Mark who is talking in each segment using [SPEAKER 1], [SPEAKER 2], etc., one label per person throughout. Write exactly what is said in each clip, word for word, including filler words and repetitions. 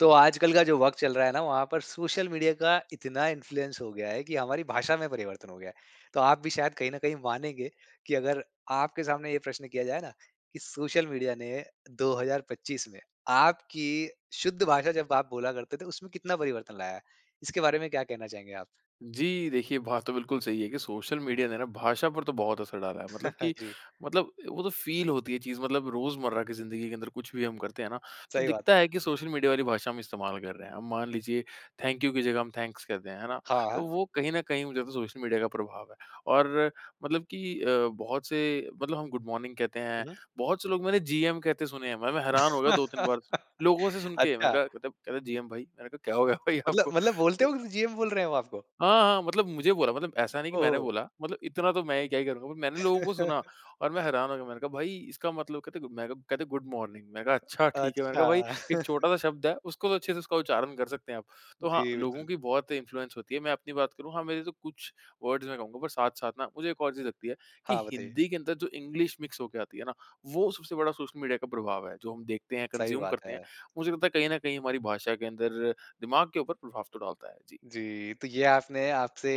[SPEAKER 1] तो, आजकल का जो वक़्त चल रहा है ना। वहाँ पर सोशल मीडिया का इतना इन्फ्लुएंस हो गया है, कि हमारी भाषा में परिवर्तन हो गया है। तो आप भी शायद कहीं न कहीं मानेंगे, की अगर आपके सामने ये प्रश्न किया जाए ना, कि सोशल मीडिया ने दो हज़ार पच्चीस में आपकी शुद्ध भाषा जब आप बोला करते थे। उसमें कितना परिवर्तन लाया है? इसके बारे में क्या कहना चाहेंगे आप?
[SPEAKER 2] जी, देखिए। बात तो बिल्कुल सही है कि सोशल मीडिया ने ना भाषा पर तो बहुत असर डाला है। मतलब कि,
[SPEAKER 1] जी।
[SPEAKER 2] मतलब वो जो फ़ील होती है चीज़, मतलब रोजमर्रा की ज़िन्दगी के अंदर कुछ भी हम करते हैं ना, तो
[SPEAKER 1] सही बात है।
[SPEAKER 2] दिखता है कि सोशल मीडिया वाली भाषा हम इस्तेमाल कर रहे हैं। अब मान लीजिए थैंक यू की जगह हम थैंक्स कहते हैं। है ना?
[SPEAKER 1] हाँ, हाँ।
[SPEAKER 2] तो वो कहीं न कहीं मुझे लगता हैं सोशल मीडिया का प्रभाव है। और अ, मतलब की अ, बहुत से मतलब हम गुड मॉर्निंग कहते हैं।
[SPEAKER 1] हुँ।
[SPEAKER 2] बहुत से लोग मैंने जीएम कहते सुने हैं। भाई मैं हैरान हो गया दो तीन बार लोगों से सुन के। मैंने
[SPEAKER 1] अच्छा।
[SPEAKER 2] कहा मत जीएम भाई। मैंने कहा क्या हो गया भाई
[SPEAKER 1] मतलब,
[SPEAKER 2] आपको?
[SPEAKER 1] मतलब। बोलते हो कि जीएम बोल रहे हैं वो आपको?
[SPEAKER 2] हाँ, हाँ मतलब मुझे बोला मतलब ऐसा नहीं कि
[SPEAKER 1] ओह
[SPEAKER 2] मैंने
[SPEAKER 1] हो।
[SPEAKER 2] बोला। मतलब इतना तो मैं क्या ही करूँगा। मैंने लोगों को सुना और मैं हैरान हो गया। मैंने कहा भाई इसका मतलब कहते मैं क्या गुड मॉर्निंग। मैं कहा अच्छा ठीक है। मैंने कहा
[SPEAKER 1] अच्छा।
[SPEAKER 2] भाई एक छोटा-सा शब्द है उसको तो अच्छे से उसका उच्चारण कर सकते हैं आप। तो हाँ,
[SPEAKER 1] जी,
[SPEAKER 2] लोगों
[SPEAKER 1] बिल्कुल।
[SPEAKER 2] की बहुत इन्फ्लुएंस होती है। मैं अपनी बात करूँ। हाँ, मेरे तो कुछ वर्ड्स मैं कहूँगा पर साथ-साथ ना, मुझे एक और चीज़ लगती है, कि
[SPEAKER 1] हाँ, बताइए।
[SPEAKER 2] हिंदी के अंदर जो इंग्लिश मिक्स होके आती है ना, वो सबसे बड़ा सोशल मीडिया का प्रभाव है। जो हम देखते हैं
[SPEAKER 1] सही
[SPEAKER 2] कंज्यूम
[SPEAKER 1] बात
[SPEAKER 2] करते हैं।
[SPEAKER 1] है।
[SPEAKER 2] मुझे लगता है कहीं न कहीं हमारी भाषा के अंदर दिमाग के ऊपर प्रभाव तो डालता है। जी।
[SPEAKER 1] जी। तो ये आपने आपसे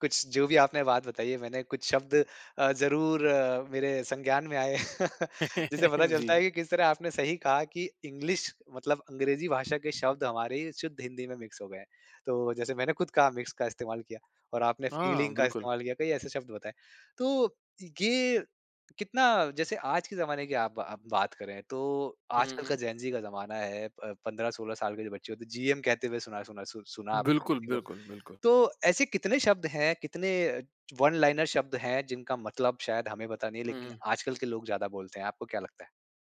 [SPEAKER 1] कुछ जो भी आपने बात बताई है, मैंने कुछ शब्द अ, ज़रूर अ, मेरे संज्ञान में आए जिससे पता चलता है।
[SPEAKER 2] जी।
[SPEAKER 1] कि किस तरह आपने सही कहा कि इंग्लिश मतलब अंग्रेजी भाषा के शब्द हमारे ही शुद्ध हिंदी में मिक्स हो गए हैं। तो जैसे मैंने खुद कहा मिक्स का इस्तेमाल किया। और आपने
[SPEAKER 2] हाँ,
[SPEAKER 1] फ़ीलिंग का
[SPEAKER 2] बिल्कुल।
[SPEAKER 1] इस्तेमाल किया, कई ऐसे शब्द बताए। तो ये कितना जैसे आज के ज़माने की आप आप बात करें तो
[SPEAKER 2] हुँ, हुँ,
[SPEAKER 1] आजकल का
[SPEAKER 2] हुँ।
[SPEAKER 1] जेन-ज़ी का ज़माना है। प पंद्रह सोलह साल के जो बच्चे होते हैं जीएम कहते हुए सुना सुना सु सुना आपने
[SPEAKER 2] बिल्कुल,
[SPEAKER 1] किसी को। अ,
[SPEAKER 2] बिल्कुल, बिल्कुल।
[SPEAKER 1] तो ऐसे कितने शब्द हैं कितने अ, वन लाइनर शब्द हैं, जिनका मतलब शायद हमें पता नहीं है, लेकिन
[SPEAKER 2] हुँ।
[SPEAKER 1] आजकल के लोग ज्यादा बोलते हैं। आपको क्या लगता है?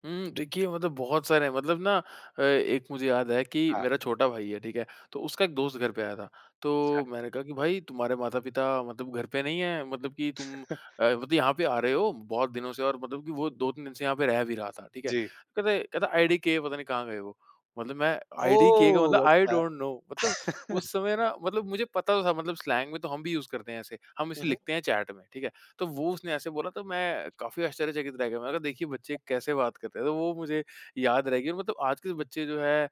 [SPEAKER 2] हुँ। देखिए मतलब बहुत सारे हैं मतलब ना अ, एक मुझे याद है कि
[SPEAKER 1] हाँ।
[SPEAKER 2] मेरा छोटा भाई है ठीक है? तो उसका एक दोस्त घर पे आया था।
[SPEAKER 1] अच्छा।
[SPEAKER 2] तो मैंने कहा कि, "भाई तुम्हारे माता-पिता मतलब घर पे नहीं है। मतलब कि तुम अ, मतलब यहाँ पे आ रहे हो? बहुत दिनों से" और मतलब कि वो दो तीन दिन से यहाँ पे रह भी रहा था। ठीक है।
[SPEAKER 1] जी।
[SPEAKER 2] कहता है, कहता "आईडीके पता नहीं कहाँ गए वो?" मतलब मैं आईडीके का मतलब
[SPEAKER 1] ओह!
[SPEAKER 2] आई
[SPEAKER 1] अच्छा।
[SPEAKER 2] Don't know. मतलब उस समय ना मतलब मुझे पता तो था। मतलब स्लैंग में तो हम भी उसे करते हैं ऐसे। हम
[SPEAKER 1] हुँ,
[SPEAKER 2] इसे
[SPEAKER 1] हुँ।
[SPEAKER 2] लिखते हैं चैट में ठीक है। तो वो उसने ऐसे बोला तो मैं काफ़ी आश्चर्यचकित रह गया। मैंने कहा देखिए बच्चे
[SPEAKER 1] [unintelligible]
[SPEAKER 2] कैसे बात करते हैं। तो वो मुझे याद रहेगी मतलब आज के बच्चे जो है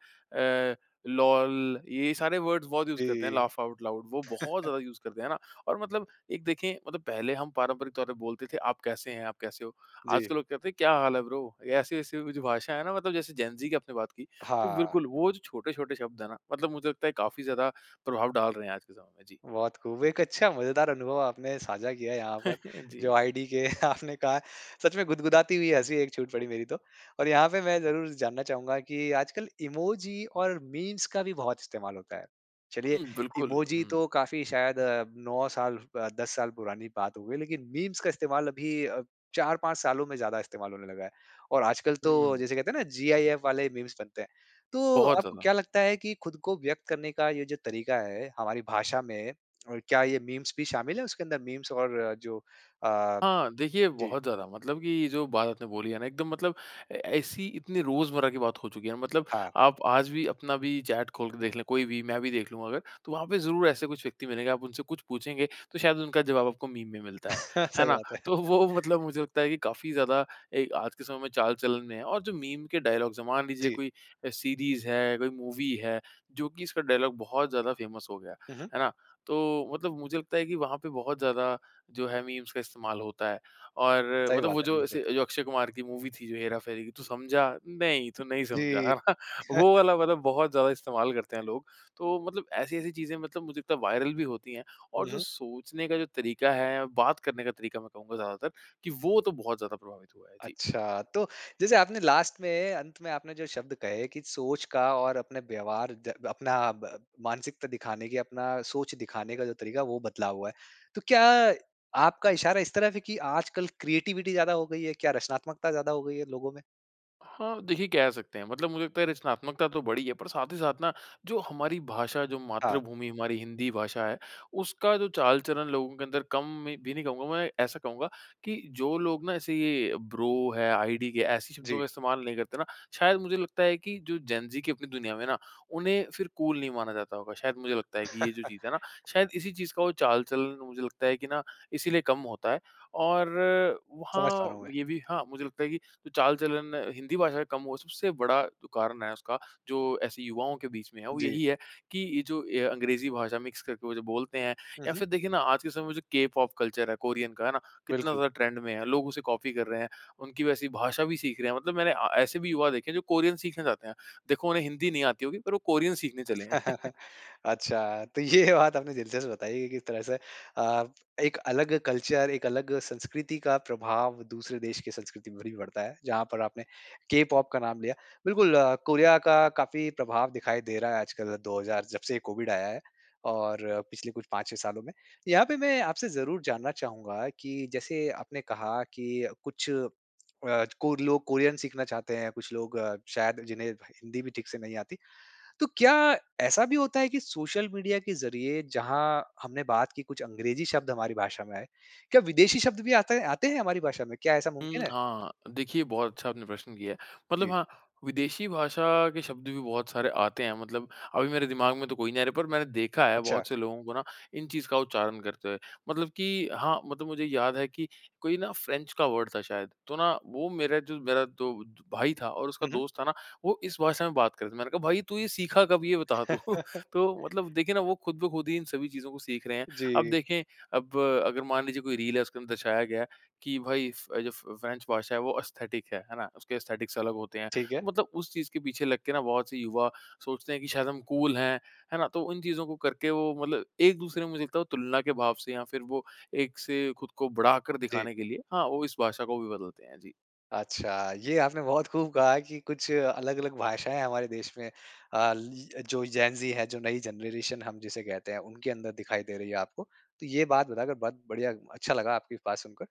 [SPEAKER 2] अ, लोल ये सारे वर्ड्स बहुत यूज़ करते हैं
[SPEAKER 1] जी।
[SPEAKER 2] Laugh out loud. वो बहुत ज़्यादा यूज़ करते हैं, है ना? और मतलब एक देखिए मतलब पहले हम पारंपरिक तौर पर बोलते थे। आप कैसे हैं? आप कैसे हो? आज
[SPEAKER 1] जी।
[SPEAKER 2] के लोग कहते हैं क्या हाल है ब्रो? ऐसी-ऐसी जो भाषा है ना मतलब जैसे जैन ज़ी की आपने बात कि, तो
[SPEAKER 1] हाँ।
[SPEAKER 2] बिल्कुल वो जो छोटे-छोटे शब्द है ना? मतलब मुझे लगता है काफ़ी ज़्यादा प्रभाव डाल रहे हैं आज के समय में। जी।
[SPEAKER 1] बहुत खूब एक अच्छा मज़ेदार अनुभव आपने साझा किया यहाँ पर जो
[SPEAKER 2] जी।
[SPEAKER 1] आईडीके आपने कहा। सच में गुदगुदाती हुई हँसी एक छूट पड़ी मेरी तो। और यहाँ पे मैं ज़रूर जानना चाहूँगा कि आजकल इमोजी और मीम्स का भी बहुत इस्तेमाल होता है। चलिए
[SPEAKER 2] हुँ। बिल्कुल,
[SPEAKER 1] इमोजी
[SPEAKER 2] हुँ।
[SPEAKER 1] तो काफ़ी शायद अ, नौ साल ब दस साल पुरानी बात हो गई। लेकिन मीम्स का इस्तेमाल अभी अ, चार पाँच सालों में ज़्यादा इस्तेमाल होने लगा है। और आजकल तो
[SPEAKER 2] हुँ।
[SPEAKER 1] जैसे कहते हैं ना, जीआईएफ वाले मीम्स बनते हैं। तो
[SPEAKER 2] बहुत
[SPEAKER 1] आपको
[SPEAKER 2] ज़्यादा।
[SPEAKER 1] क्या लगता है कि खुद को व्यक़्त करने का ये जो तरीका है हमारी भाषा में और क्या ये मीम्स भी शामिल है उसके अंदर? मीम्स और जो अ
[SPEAKER 2] हाँ। देखिए
[SPEAKER 1] जी।
[SPEAKER 2] बहुत ज़्यादा मतलब कि जो बात आपने बोली है ना एकदम मतलब अ, ऐसी इतनी रोज़मर्रा की बात हो चुकी है। मतलब
[SPEAKER 1] हाँ।
[SPEAKER 2] आप आज भी अपना भी चैट खोल के देख ले। कोई भी मैं भी देख लूँ अगर। तो वहाँ पे ज़रूर ऐसे कुछ व्यक्ति मिलेंगे। आप उनसे कुछ पूछेंगे, तो शायद उनका ज़वाब आपको मीम में मिलता है। है
[SPEAKER 1] सही
[SPEAKER 2] ना?
[SPEAKER 1] बात है।
[SPEAKER 2] तो वो मतलब मुझे लगता है कि काफ़ी ज़्यादा अ, आज के समय में चाल-चलन में है। और जो मीम के डायलॉग्ज़ है। मान लीजिए
[SPEAKER 1] जी।
[SPEAKER 2] कोई अ, सीरीज़ है, कोई मूवी है जो कि इसका डायलॉग बहुत ज़्यादा फ़ैमस हो गया।
[SPEAKER 1] हुँ, हुँ।
[SPEAKER 2] है ना? तो मतलब मुझे लगता है कि वहाँ पे बहुत ज़्यादा जो है, मीम्स का इस्तेमाल होता है। और
[SPEAKER 1] सही
[SPEAKER 2] मतलब
[SPEAKER 1] बात
[SPEAKER 2] वो
[SPEAKER 1] है,
[SPEAKER 2] जो
[SPEAKER 1] बिल्कुल।
[SPEAKER 2] ऐसे जो अक्षय कुमार की मूवी थी जो हेरा फेरी कि तू समझा नहीं तू नहीं समझा।
[SPEAKER 1] जी।
[SPEAKER 2] वो वाला मतलब बहुत ज़्यादा इस्तेमाल करते हैं लोग। तो मतलब ऐसी-ऐसी चीज़ें मतलब वो जितना वायरल भी होती हैं। और
[SPEAKER 1] हुँ,
[SPEAKER 2] जो
[SPEAKER 1] हुँ।
[SPEAKER 2] सोचने का जो तरीका है। बात करने का तरीका मैं कहूँगा ज़्यादातर कि वो तो बहुत ज़्यादा प्रभावित हुआ है। जी।
[SPEAKER 1] अच्छा। तो जैसे आपने लास्ट में अंत में आपने जो शब्द कहे कि सोच का और अपने व्यवहार ज़ा अपना अ, ब मानसिकता दिखाने की अपना सोच दिखाने का जो तरीका है वो बदला हुआ है। तो क्या आपका इशारा इस तरफ है की आजकल क्रिएटिविटी ज़्यादा हो गयी है? क्या रचनात्मकता ज़्यादा हो गई है लोगों में?
[SPEAKER 2] हाँ, देखिए कह सकते हैं। मतलब मुझे लगता है रचनात्मकता तो बढ़ी है, पर साथ ही साथ ना जो हमारी भाषा, जो
[SPEAKER 1] हाँ।
[SPEAKER 2] मातृभूमि हमारी हिंदी भाषा है, उसका जो चाल-चलन लोगों के अंदर कम में भी नहीं कहूँगा मैं, ऐसा कहूँगा कि जो लोग ना ऐसे ये ब्रो है, आईडीके ऐसी शब्दों
[SPEAKER 1] जी।
[SPEAKER 2] का इस्तेमाल नहीं करते ना, शायद मुझे लगता है कि जो जेन-ज़ी की अपनी दुनिया में है ना, उन्हें फिर कूल नहीं माना जाता होगा शायद मुझे लगता है, कि ये जो चीज़ है ना। शायद इसी चीज़ का वो चाल-चलन मुझे लगता है कि ना इसीलिए कम होता है। और
[SPEAKER 1] समझ पा रहा
[SPEAKER 2] वहाँ
[SPEAKER 1] हूँ, मैं।
[SPEAKER 2] ये भी हाँ, मुझे लगता है कि जो चाल-चलन हिंदी भाषा का कम हुआ, सबसे बड़ा जो कारण है उसका जो ऐसे युवाओं के बीच में है, वो
[SPEAKER 1] जी।
[SPEAKER 2] यही है कि ये जो ये अंग्रेजी भाषा मिक्स करके वो जो बोलते हैं
[SPEAKER 1] हुँ,
[SPEAKER 2] या
[SPEAKER 1] हुँ।
[SPEAKER 2] फिर देखिए ना आज के समय में जो के-पॉप कल्चर है, कोरियन का है ना। कितना
[SPEAKER 1] बिल्कुल।
[SPEAKER 2] ज़्यादा ट्रेंड में है, लोग उसे कॉपी कर रहे हैं। उनकी वैसी भाषा भी सीख रहे हैं, मतलब मैंने अ, ऐसे भी युवा देखें है, जो कोरियन सीखना चाहते हैं। देखो उन्हें हिंदी नहीं आती होगी पर वो कोरियन सीखने चले हैं।
[SPEAKER 1] अच्छा, तो ये बात आपने दिलचस्प बताई है किस तरह से अ, एक अलग कल्चर, एक अलग संस्कृति का प्रभाव दूसरे देश की संस्कृति पर भी पड़ता है, जहाँ पर आपने के-पॉप का नाम लिया। बिल्कुल, कोरिया का काफ़ी प्रभाव दिखाई दे रहा है, आजकल दो हज़ार जब से ये कोविड आया है। और पिछले कुछ पाँच छह सालों में। यहाँ पे मैं आपसे ज़रूर जानना चाहूँगा कि जैसे आपने कहा कि कुछ अ, कोर लोग कोरियन सीखना चाहते हैं, कुछ लोग अ, शायद जिन्हें भ हिंदी भी ठीक से नहीं आती। तो, क्या ऐसा भी होता है कि सोशल मीडिया के ज़रिए जहाँ हमने बात की कुछ अंग्रेजी शब्द हमारी भाषा में आए, क्या विदेशी शब्द भी आता हैं आते हैं, हमारी भाषा में? क्या ऐसा
[SPEAKER 2] हुँ,
[SPEAKER 1] मुमकिन है?
[SPEAKER 2] हाँ। देखिए, बहुत अच्छा आपने प्रश्न किया है। मतलब
[SPEAKER 1] जी।
[SPEAKER 2] हाँ, विदेशी भाषा के शब्द भी बहुत सारे आते हैं। मतलब अभी मेरे दिमाग में तो कोई नहीं आ रहें, पर मैंने देखा है
[SPEAKER 1] अच्छा।
[SPEAKER 2] बहुत से लोगों को ना इन चीज़ का उच्चारण करते हुए। मतलब कि हाँ, मतलब मुझे याद है कि कोई ना फ्रेंच का वर्ड था शायद, तो ना वो मेरा जो मेरा तो जो भाई था और उसका
[SPEAKER 1] हुँ, हुँ।
[SPEAKER 2] दोस्त था ना, वो इस भाषा में बात कर रहे थे। मैंने कहा भाई तू ये सीखा कब ये बता तू, तो मतलब देखिए ना वो खुद-ब-खुद ही इन सभी चीजों को सीख रहे हैं। अब
[SPEAKER 1] जी।
[SPEAKER 2] देखें, अब अगर मान लीजिए कोई रील है, उसके अंदर दर्शाया गया है कि भाई फ जो फ फ्रेंच भाषा है वो एस्थेटिक है। है ना? उसके एस्थेटिक अलग होते हैं,
[SPEAKER 1] ठीक है।
[SPEAKER 2] तो मतलब उस चीज़ के पीछे लग के ना बहुत से युवा सोचते हैं कि शायद हम कूल हैं, है ना? तो उन चीजों को करके वो मतलब एक-दूसरे में मुझे लगता है वो तुलना के भाव से या फिर वो एक से खुद को बढ़ा कर
[SPEAKER 1] जी।
[SPEAKER 2] दिखाने के लिए, हाँ, वो इस भाषा को भी बदलते हैं, जी।
[SPEAKER 1] अच्छा, ये आपने बहुत खूब कहा है कि कुछ अलग-अलग भाषाएँ हमारे देश में अ, ल ल जो जेन ज़ी है, जो नई जनरेशन हम जिसे कहते हैं उनके अंदर दिखाई दे रही है आपको। तो ये बात बताकर बहुत बढ़िया, अच्छा लगा आपकी बात सुनकर।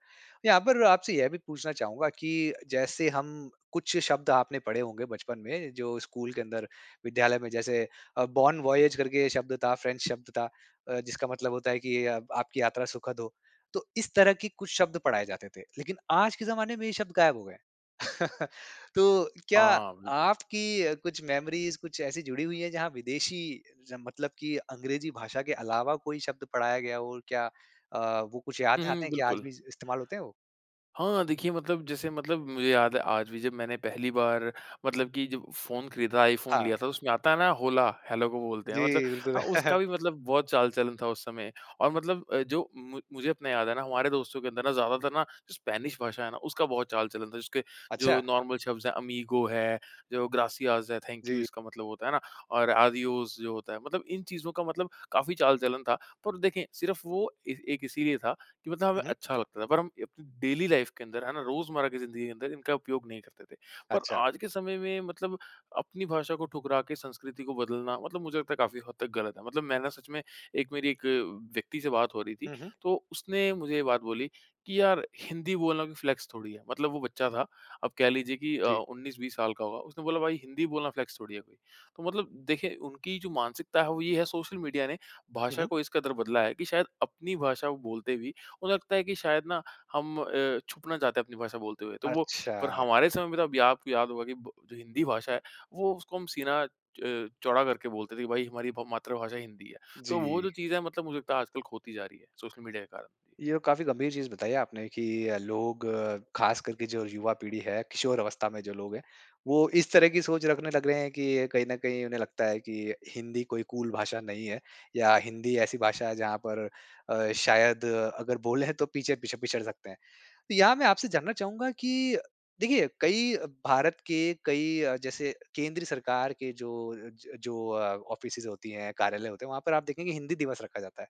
[SPEAKER 1] यहाँ पर आपसे यह भी पूछना चाहूँगा कि जैसे हम कुछ शब्द आपने पढ़े होंगे बचपन में जो स्कूल के अंदर, विद्यालय में जैसे अ, बॉन वॉयेज करके शब्द था फ्रेंच शब्द था। अ, जिसका मतलब होता है कि आपकी यात्रा सुखद हो। तो इस तरह की कुछ शब्द पढ़ाए जाते थे, लेकिन आज के ज़माने में ये शब्द गायब हो गए। तो क्या
[SPEAKER 2] हाँ, बिल्कुल।
[SPEAKER 1] आपकी कुछ मेमोरीज़ कुछ ऐसी जुड़ी हुई है जहाँ विदेशी जन मतलब कि अंग्रेजी भाषा के अलावा कोई शब्द पढ़ाया गया हो, क्या अ, वो कुछ याद
[SPEAKER 2] हुँ,
[SPEAKER 1] है
[SPEAKER 2] हुँ,
[SPEAKER 1] आते हैं क्या आज भी
[SPEAKER 2] बिल्कुल।
[SPEAKER 1] इस्तेमाल होते हैं वो?
[SPEAKER 2] हाँ, देखिए मतलब जैसे मतलब मुझे याद है आज भी जब मैंने पहली बार, मतलब कि जब फ़ोन खरीदा था आईफ़ोन
[SPEAKER 1] हाँ।
[SPEAKER 2] लिया था तो उसमें आता है ना होला हेलो को बोलते हैं मतलब,
[SPEAKER 1] जी, बिल्कुल।
[SPEAKER 2] हाँ उसका भी मतलब बहुत चाल-चलन था उस समय। और मतलब अ, जो मु मुझे अपना याद है ना हमारे दोस्तों के अंदर ना ज़्यादातर ना स्पेनिश भाषा है ना उसका बहुत चाल-चलन था जिसके जो
[SPEAKER 1] अच्छा।
[SPEAKER 2] नॉर्मल शब्द हैं अमीगो है, जो ग्रासिआस है थैंक यू
[SPEAKER 1] जी।
[SPEAKER 2] इसका मतलब होता है ना, और आदियोस जो होता है, मतलब इन चीज़ों का मतलब काफ़ी चाल-चलन था। पर देखिए सिर्फ वो ए, एक इसीलिए था कि मतलब हमें
[SPEAKER 1] हुँ, हुँ।
[SPEAKER 2] अच्छा लगता था। पर हम डेली लाइफ के अंदर है ना रोज़मर्रा की जिंदगी के अंदर इनका उपयोग नहीं करते थे। पर
[SPEAKER 1] अच्छा।
[SPEAKER 2] आज के समय में मतलब अपनी भाषा को ठुकरा के संस्कृति को बदलना मतलब मुझे लगता है काफ़ी हद तक गलत है। मतलब मैं ना सच में एक मेरी एक व्यक्ति से बात हो रही थी
[SPEAKER 1] हुँ, हुँ।
[SPEAKER 2] तो उसने मुझे ये बात बोली कि यार हिंदी बोलना कोई फ़्लेक्स थोड़ी है, मतलब वो बच्चा था। अब कह लीजिए कि अ,
[SPEAKER 1] जी।
[SPEAKER 2] उन्नीस बीस साल का होगा, उसने बोला भाई हिंदी बोलना फ़्लेक्स थोड़ी है कोई। तो मतलब देखें उनकी जो मानसिकता है वो ये है सोशल मीडिया ने,
[SPEAKER 1] हुँ,
[SPEAKER 2] भाषा
[SPEAKER 1] हुँ।
[SPEAKER 2] को इस कदर बदला है कि शायद अपनी भाषा को बोलते भी उन्हें लगता है कि शायद ना हम अ, छुपना चाहते हैं अपनी भाषा बोलते हुए। तो वो पर
[SPEAKER 1] अच्छा।
[SPEAKER 2] हमारे समय में तो या प आपको याद होगा कि जो हिंदी भाषा है वो उसको हम सीना च चौड़ा करके बोलते थे कि भई हमारी म मातृभाषा हिंदी है। तो वो जो
[SPEAKER 1] जी।
[SPEAKER 2] चीज़ है मतलब मुझे लगता है आजकल खोती जा रही है सोशल मीडिया के कारण।
[SPEAKER 1] ये काफ़ी गंभीर चीज़ बताई है आपने कि अ, लोग ख़ास करके जो युवा पीढ़ी है, किशोर अवस्था में जो लोग है वो इस तरह की सोच रखने लग रहे हैं कि कहीं न कहीं उन्हें लगता है कि हिंदी कोई कूल भाषा नहीं है। या हिंदी ऐसी भाषा है जहाँ पर अ, शायद अगर बोल है तो पीछे-पीछे पिछड़ सकते हैं। तो यहाँ मैं आपसे जानना चाहूँगा कि देखिए कई भारत के कई अ, जैसे केंद्र सरकार के जो अ, ज जो अ, ऑफिसेस होती है, कार्यालय होते हैं वहाँ पर आप देखेंगे हिंदी दिवस रखा जाता है।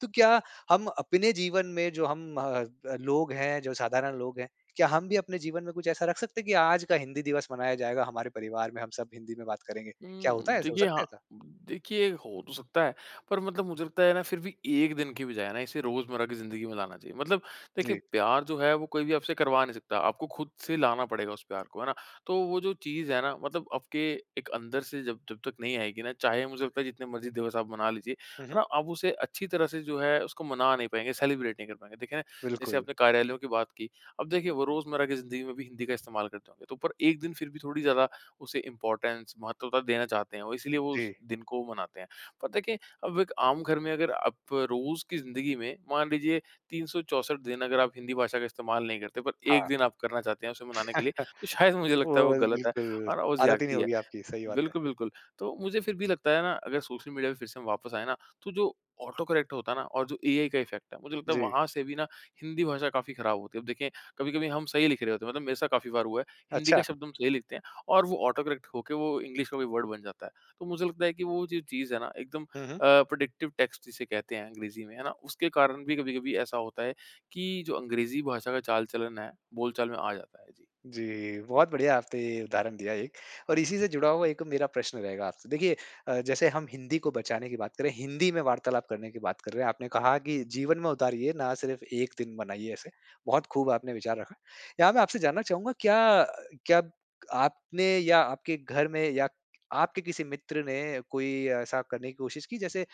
[SPEAKER 1] तो क्या हम अपने जीवन में जो हम अ अ, लोग हैं, जो साधारण लोग हैं क्या हम भी अपने जीवन में कुछ ऐसा रख सकते हैं कि आज का हिंदी दिवस मनाया जाएगा हमारे परिवार में हम सब हिंदी में बात करेंगे? क्या होता
[SPEAKER 2] हुँ,
[SPEAKER 1] है ऐसा? हो
[SPEAKER 2] देखिए
[SPEAKER 1] सकता है
[SPEAKER 2] हाँ,
[SPEAKER 1] ऐसा?
[SPEAKER 2] देखिए हो तो सकता है। पर मतलब मुझे लगता है ना फिर भी एक दिन की बजाय ना इसे रोज़मर्रा की ज़िंदगी में लाना चाहिए। मतलब देखें
[SPEAKER 1] जी।
[SPEAKER 2] प्यार जो है वो कोई भी आपसे करवा नहीं सकता। आपको खुद से लाना पड़ेगा उस प्यार को, है ना? तो वो जो चीज़ है ना, मतलब आपके एक अंदर से जब जब तक नहीं आएगी ना चाहे मुझे लगता है जितने मर्जी दिवस आप मना लीजिए,
[SPEAKER 1] हुँ,
[SPEAKER 2] है
[SPEAKER 1] हुँ।
[SPEAKER 2] ना? आप उसे अच्छी तरह से जो है उसको मना नहीं पाएँगे सेलिब्रेट नहीं कर पाएँगे। देखें जैसे
[SPEAKER 1] बिल्कुल।
[SPEAKER 2] अपने कार्यालयों के बात की, अब देखिए वो रोज़मर्रा की ज़िंदगी में भी हिंदी का इस्तेमाल करते होंगे। तो पर एक दिन फिर भी थोड़ी ज़्यादा उसे इम्पॉर्टेंस महत्वता देना चाहते हैं और इसलिए वो उस
[SPEAKER 1] जी।
[SPEAKER 2] दिन को मनाते हैं। पता है क्या, अब एक आम घर में अगर आप रोज़ की ज़िंदगी में, मान लीजिए तीन सौ चौंसठ दिन अगर आप हिंदी भाषा का इस्तेमाल नहीं करते पर एक
[SPEAKER 1] हाँ।
[SPEAKER 2] दिन आप करना चाहते हैं उसे मनाने के लिए तो शायद मुझे लगता है वो
[SPEAKER 1] ओह
[SPEAKER 2] गलत है,
[SPEAKER 1] बिल्कुल।
[SPEAKER 2] और वो
[SPEAKER 1] आदत ही नहीं
[SPEAKER 2] ज़्यादती है।
[SPEAKER 1] होगी आपकी, सही बात है।
[SPEAKER 2] बिल्कुल, बिल्कुल। तो मुझे फिर भी लगता है ना अगर सोशल मीडिया पर फिर से हम वापस आए न, तो जो ऑटोकरेक्ट होता है ना, और जो एआई का इफ़ेक्ट है मुझे लगता है
[SPEAKER 1] जी।
[SPEAKER 2] वहाँ से भी ना हिंदी भाषा काफ़ी खराब होती है। अब देखिए कभी-कभी हम सही लिख रहे होते हैं। मतलब मेरे साथ काफ़ी बार हुआ है। हिंदी का
[SPEAKER 1] अच्छा।
[SPEAKER 2] शब्द हम सही लिखते हैं और वो ऑटोकरेक्ट हो के वो इंग्लिश का कोई वर्ड बन जाता है। तो मुझे लगता है कि वो जो चीज़ है ना एकदम अ,
[SPEAKER 1] हुँ, हुँ।
[SPEAKER 2] प्रिडिक्टिव टेक्स्ट जिसे कहते हैं अंग्रेजी में, है ना? उसके कारण भी कभी-कभी ऐसा होता है कि जो अंग्रेजी भाषा का चाल चलन है बोल-चाल में आ जाता है। जी।
[SPEAKER 1] जी, बहुत बढ़िया आपने उदाहरण दिया एक और इसी से जुड़ा हुआ एक मेरा प्रश्न रहेगा आपसे। देखिए अ, जैसे हम हिंदी को बचाने की बात करें, हिंदी में वार्तालाप करने की बात कर रहे हैं, आपने कहा कि जीवन में उतारिए ना सिर्फ़ एक दिन मनाइए ऐसे। बहुत खूब आपने विचार रखा। यहाँ मैं आपसे जानना चाहूँगा क्या क्या आपने या आपके घर में या आपके किसी मित्र ने कोई ऐसा करने की कोशिश की जैसे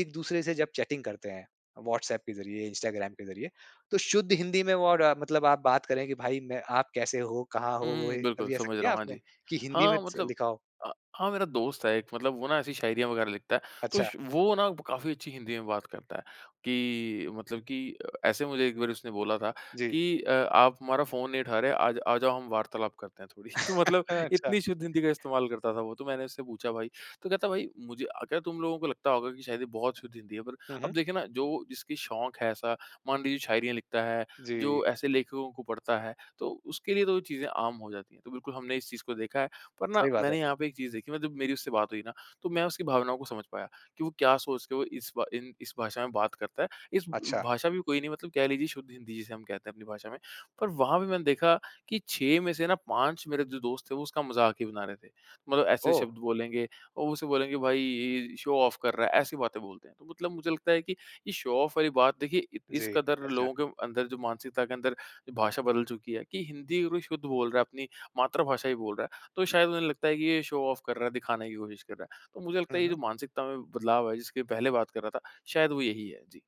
[SPEAKER 1] एक-दूसरे से जब चैटिंग करते हैं व्हाट्सएप के जरिए, इंस्टाग्राम के जरिए तो शुद्ध हिंदी में और मतलब आप बात करे कि भाई मैं आप कैसे हो कहाँ
[SPEAKER 2] हुँ,
[SPEAKER 1] हो,
[SPEAKER 2] हुँ, बिल्कुल,
[SPEAKER 1] कभी ऐसा
[SPEAKER 2] समझ रहा
[SPEAKER 1] किया
[SPEAKER 2] हूँ, हाँ
[SPEAKER 1] आपने?
[SPEAKER 2] जी।
[SPEAKER 1] कि हिंदी में
[SPEAKER 2] हाँ
[SPEAKER 1] च
[SPEAKER 2] मतलब
[SPEAKER 1] लिखा हो?
[SPEAKER 2] अ, हाँ मेरा दोस्त है एक मतलब वो ना ऐसी शायरियाँ वगैरह लिखता है। तो
[SPEAKER 1] अच्छा।
[SPEAKER 2] श वो ना काफ़ी अच्छी हिंदी में बात करता है, कि मतलब की, ऐसे मुझे एक बार उसने बोला था
[SPEAKER 1] जी।
[SPEAKER 2] कि अ, आप हमारा फ़ोन नहीं उठा रहे आज आ जाओ हम वार्तालाप करते हैं थोड़ी। तो मतलब
[SPEAKER 1] अच्छा।
[SPEAKER 2] इतनी शुद्ध हिंदी का इस्तेमाल करता था वो तो मैंने उससे पूछा भाई, तो कहता भाई मुझे अगर तुम लोगों को लगता होगा कि शायद ये बहुत शुद्ध हिंदी है पर
[SPEAKER 1] हुँ,
[SPEAKER 2] अब
[SPEAKER 1] हुँ।
[SPEAKER 2] देखिए ना जो जिसकी शौक है ऐसा, मान लीजिए शायरियाँ लिखता है,
[SPEAKER 1] जी।
[SPEAKER 2] जो ऐसे लेखकों को पढ़ता है तो उसके लिए तो वो चीज़ें आम हो जाती है। तो बिल्कुल हमने इस चीज़ को देखा है, पर ना
[SPEAKER 1] सही बात है।
[SPEAKER 2] मैंने यहाँ पे एक चीज़ देखी जब मेरी उससे बात हुई ना तो मैं उसकी भावनाओं को समझ पाया, कि वो क्या सोच के वो इस इन इस भाषा में बात करता है। इस
[SPEAKER 1] अच्छा।
[SPEAKER 2] भाषा भी कोई नहीं मतलब कह लीजिए शुद्ध हिंदी जिसे हम कहते हैं अपनी भाषा में। पर वहाँ पे मैंने देखा कि छह में से ना पाँच मेरे जो दोस्त है वो उसका मज़ाक ही बना रहे थे। मतलब ऐसे
[SPEAKER 1] ओह!
[SPEAKER 2] शब्द बोलेंगे, और उसे बोलेंगे भई इ इ शो ऑफ कर रहा है, ऐसी बातें बोलते हैं। तो मतलब मुझे लगता है कि ये शो ऑफ वाली बात देखिए इ इस
[SPEAKER 1] जी,
[SPEAKER 2] कदर
[SPEAKER 1] अच्छा।
[SPEAKER 2] लोगों के अंदर जो मानसिकता के अंदर जो भाषा बदल चुकी है, कि हिंदी अगर वो शुद्ध बोल रहा है अपनी, मातृभाषा ही बोल रहा है तो शायद उन्हें लगता है कि ये शो ऑफ कर रहा है दिखाने की कोशिश कर रहा है। तो मुझे लगता
[SPEAKER 1] हुँ,
[SPEAKER 2] है ये
[SPEAKER 1] हुँ।
[SPEAKER 2] जो मानसिकता में बदलाव है जिसके पहले बात कर रहा था शायद वो यही है। जी।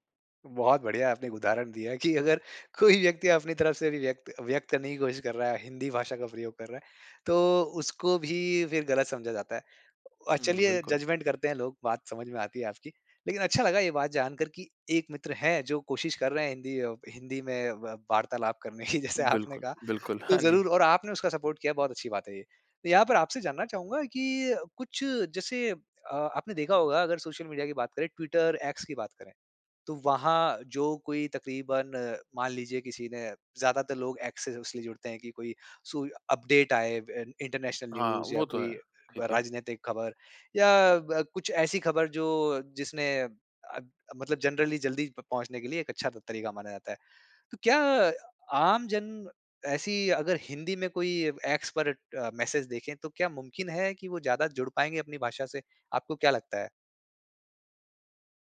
[SPEAKER 1] बहुत बढ़िया आपने एक उदाहरण दिया कि अगर कोई व्यक्ति अपनी तरफ से भी व्यक्त व्यक्त करने की कोशिश कर रहा है, हिंदी भाषा का प्रयोग कर रहा है, तो उसको भी फिर गलत समझा जाता है। अ,
[SPEAKER 2] हुँ,
[SPEAKER 1] चलिए,
[SPEAKER 2] बिल्कुल।
[SPEAKER 1] जज़मेंट करते हैं लोग, बात समझ में आती है आपकी। लेकिन अच्छा लगा ये बात जानकर कि एक मित्र हैं, जो कोशिश कर रहे हैं, हिंदी अ हिंदी में व वार्तालाप करने की, जैसे आपने
[SPEAKER 2] बिल्कुल,
[SPEAKER 1] कहा।
[SPEAKER 2] बिल्कुल।
[SPEAKER 1] तो
[SPEAKER 2] हाँ, जी।
[SPEAKER 1] ज़रूर और आपने उसका सपोर्ट किया, बहुत अच्छी बात है ये। तो यहाँ पर आपसे जानना चाहूँगा कि कुछ जैसे अ, आपने देखा होगा, अगर सोशल मीडिया की बात करें, ट्विटर, एक्स की बात करें। तो वहाँ जो कोई तकरीबन, मान लीजिए किसी ने ज़्यादातर लोग एक्स से सिर्फ़ इसलिए जुड़ते हैं कि कोई सू या अपडेट आए, अब इन इन्टरनेशनल
[SPEAKER 2] हाँ,
[SPEAKER 1] न्यूज़ या
[SPEAKER 2] वो तो
[SPEAKER 1] कोई
[SPEAKER 2] है।
[SPEAKER 1] व
[SPEAKER 2] ठीक है।
[SPEAKER 1] राजनैतिक खबर या ब कुछ ऐसी खबर, जो जिसने अ अ, मतलब जनरली जल्दी प पहुँचने के लिए एक अच्छा त तरीका माना जाता है। तो क्या आमजन ऐसी अगर हिंदी में कोई अब एक्स पर अ, मैसेज देखें, तो क्या मुमकिन है कि वो ज़्यादा जुड़ पाएँगे अपनी भाषा से? आपको क्या लगता है?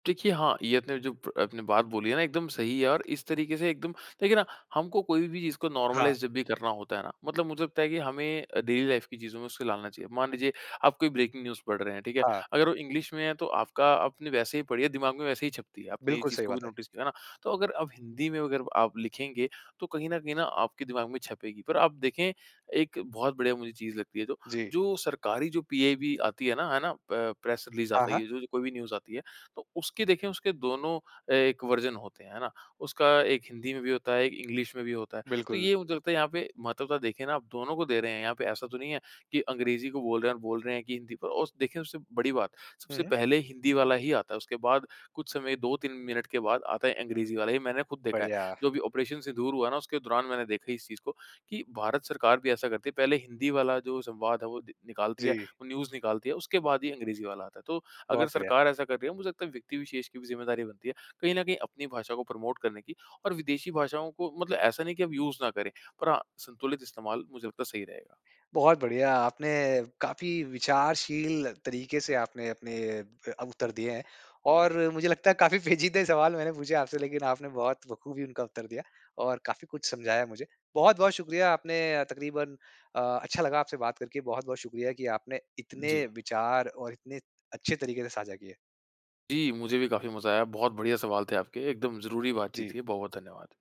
[SPEAKER 2] देखिए, हाँ, ये आपने जो ब आपने बात बोली है ना, एकदम सही है और इस तरीके से एकदम देखिए ना, हमको कोई भी चीज़ को
[SPEAKER 1] हाँ।
[SPEAKER 2] नॉर्मलाइज़ जब भी करना होता है ना, मतलब मुझे लगता है कि हमें अ, डेली लाइफ़ की चीज़ों में उसको लालना चाहिए। मान लीजिए, आप कोई ब्रेकिंग न्यूज़ पढ़ रहे हैं। ठीक है?
[SPEAKER 1] हाँ।
[SPEAKER 2] अगर वो इंग्लिश में है, तो आपका आपने वैसे ही पढ़ी है, दिमाग में वैसे ही छपती है। आपने ये
[SPEAKER 1] बिल्कुल
[SPEAKER 2] चीज़
[SPEAKER 1] सही
[SPEAKER 2] को भी
[SPEAKER 1] बात है।
[SPEAKER 2] नोटिस किया ना, तो अगर अब हिंदी में अगर आप लिखेंगे, तो कहीं न कहीं न आपके दिमाग में छपेगी। पर आप देखें, एक बहुत बढ़िया मुझे चीज़ लगती है जो
[SPEAKER 1] जी।
[SPEAKER 2] जो सरकारी, जो पीआईबी आती है ना, है ना? प प्रेस रिलीज़
[SPEAKER 1] हाँ,
[SPEAKER 2] आता है,
[SPEAKER 1] हाँ।
[SPEAKER 2] ये जो जो कोई भी न्यूज़ आती है, तो उसके देखें, उसके दोनों अ, एक वर्ज़न होते हैं, है ना? उसका एक हिंदी में भी होता है, एक इंग्लिश में भी होता है। तो
[SPEAKER 1] बिल्कुल।
[SPEAKER 2] ये मुझे लगता है, यहाँ पे महत्वता देखें ना, आप दोनों को दे रहे हैं। यहाँ पे ऐसा तो नहीं है कि अंग्रेजी को बोल रहे हैं और बोल रहे हैं कि हिंदी प और उस देखें, उससे बड़ी बात,
[SPEAKER 1] हुँ,
[SPEAKER 2] सबसे
[SPEAKER 1] हुँ।
[SPEAKER 2] पहले हिंदी वाला ही आता है, उसके बाद कुछ समय, दो तीन मिनट के बाद आता है अंग्रेज़ी वाला, ये मैंने खुद देखा है।
[SPEAKER 1] बढ़िया।
[SPEAKER 2] जो अभी ऑपरेशन सिन्दूर हुआ ना, उसके दौरान मैंने देखा इस चीज़ को कि भारत सरकार भी ऐसा करती है, पहले हिंदी वाला जो संवाद है, वो द निकालती है,
[SPEAKER 1] जी।
[SPEAKER 2] वो न्यूज़ निकालती है, उसके बाद ही अंग्रेज़ी वाला आता है। तो अगर
[SPEAKER 1] बहुत बढ़िया।
[SPEAKER 2] सरकार ऐसा कर रही है, मुझे लगता है, व्यक्ति विशेष की भी ज़िम्मेदारी बनती है, कहीं न कहीं अपनी भाषा को प्रमोट करने की और विदेशी भाषाओं को मतलब ऐसा नहीं कि हम यूज़ ना करें, पर हाँ, संतुलित इस्तेमाल मुझे लगता है, सही रहेगा।
[SPEAKER 1] बहुत बढ़िया, आपने काफ़ी विचारशील तरीके से आपने अपने अ, उत्तर दिए हैं ।और मुझे लगता है, काफ़ी पेचीदे सवाल मैंने पूछे आपसे, लेकिन आपने बहुत बखूबी उनका उत्तर दिया और काफ़ी कुछ समझाया मुझे। बहुत-बहुत शुक्रिया, आपने अ, तकरीबन अ, अच्छा लगा आपसे बात करके। बहुत-बहुत शुक्रिया कि आपने इतने
[SPEAKER 2] जी।
[SPEAKER 1] विचार और इतने अच्छे तरीके से साझा किए।
[SPEAKER 2] जी, मुझे भी काफ़ी मज़ा आया। बहुत बढ़िया सवाल थे आपके, एकदम ज़रूरी बातचीत
[SPEAKER 1] जी।
[SPEAKER 2] थी। बहुत-बहुत धन्यवाद।